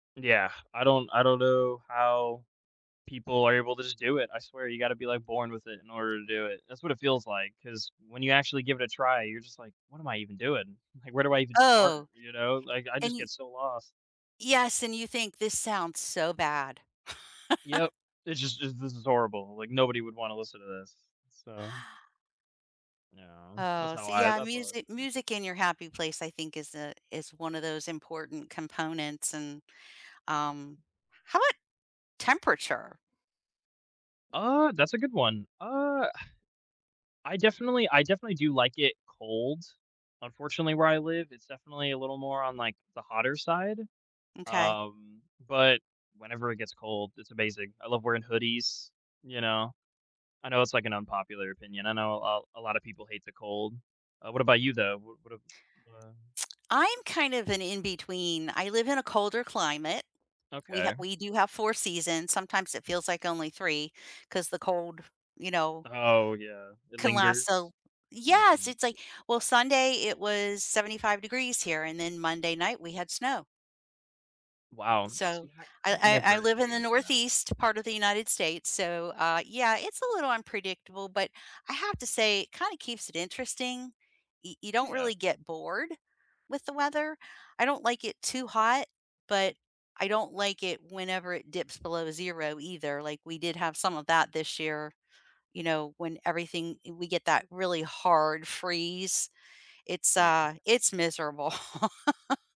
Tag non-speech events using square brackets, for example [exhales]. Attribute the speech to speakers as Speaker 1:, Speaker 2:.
Speaker 1: Yeah, I don't I don't know how people are able to just do it, I swear you gotta be, like, born with it in order to do it. That's what it feels like, 'cause when you actually give it a try, you're just like, "What am I even doing?" Like, "Where do I even start?"
Speaker 2: Oh,
Speaker 1: You know, like, I
Speaker 2: and
Speaker 1: just
Speaker 2: you
Speaker 1: get so lost.
Speaker 2: Yes, and you think "This sounds so bad." [laughs]
Speaker 1: Yep, it's just it's this is horrible. Like, nobody would wanna listen to this, so yeah, that's
Speaker 2: Oh,
Speaker 1: how
Speaker 2: so,
Speaker 1: I
Speaker 2: yeah,
Speaker 1: that's how I feel.
Speaker 2: music music in your happy place I think is a is one of those important components and, um How 'bout temperature?
Speaker 1: Uh, that's a good one. Uh, [exhales] I definitely I definitely do like it cold. Unfortunately, where I live, it's definitely a little more on, like, the hotter side.
Speaker 2: M'kay.
Speaker 1: Um, but, whenever it gets cold, it's amazing. I love wearing hoodies, you know? I know it's, like, an unpopular opinion. I know a l a lot of people hate the cold. Uh, what about you though? What what, uh wha
Speaker 2: [tsk] I'm kind of an in-between. I live in a colder climate. We ha
Speaker 1: Okay.
Speaker 2: We do have 4 seasons, sometimes it feels like only 3, 'cause the cold, you know
Speaker 1: Oh, yeah. It
Speaker 2: can last so
Speaker 1: lingers?
Speaker 2: l Yes,
Speaker 1: Mhm.
Speaker 2: it's like, well, Sunday it was 75 degrees here, and then Monday night we had snow.
Speaker 1: Wow.
Speaker 2: So
Speaker 1: See, I I've
Speaker 2: I I I
Speaker 1: never
Speaker 2: live in the
Speaker 1: experienced snow.
Speaker 2: northeast part of the United States, so, uh, yeah, it's a little unpredictable, but I have to say it kinda keeps it interesting. Y You don't
Speaker 1: Yeah.
Speaker 2: really get bored with the weather. I don't like it too hot, but I don't like it whenever it dips below 0 either, like, we did have some of that this year, you know, when everything i we get that really hard freeze. It's,
Speaker 1: Yeah.
Speaker 2: uh It's miserable. [laughs]